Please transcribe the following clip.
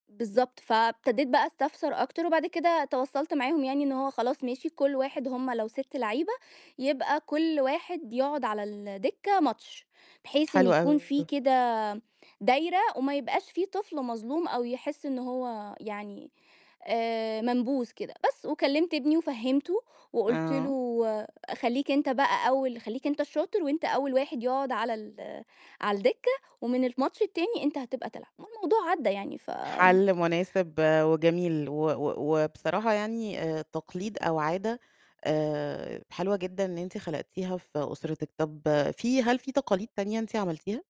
بالضبط. فابتديت بقى أستفسر أكتر وبعد كده توصَّلت معاهم يعني إن هو خلاص ماشي كلّ واحد هُم لو 6 لعيبة، يبقى كلّ واحد يقعد على الدكّة ماتش، بحيث إن حلو يكون في أوي. كده دايرة وما يبقاش في طفل مظلوم أو يحس إن هو يعني، آآ منبوذ كده، بس، وكلِّمت ابني وفهِّمته وقُلت آه. له: "خلّيك أنت بقى أول خلّيك أنت الشاطر وأنت أول واحد يقعد على ال على الدكّة، ومن الماتش التاني أنت هتبقى تلعب." والموضوع عدّى يعني فآمم حَل مناسب وجميل و و وبصراحة يعني آآ تقليد أو عادة آآ حلوة جدًا إن أنتِ خلقتيها في أسرتِك، طَب في هل في تقاليد تانية أنتِ عملتيها؟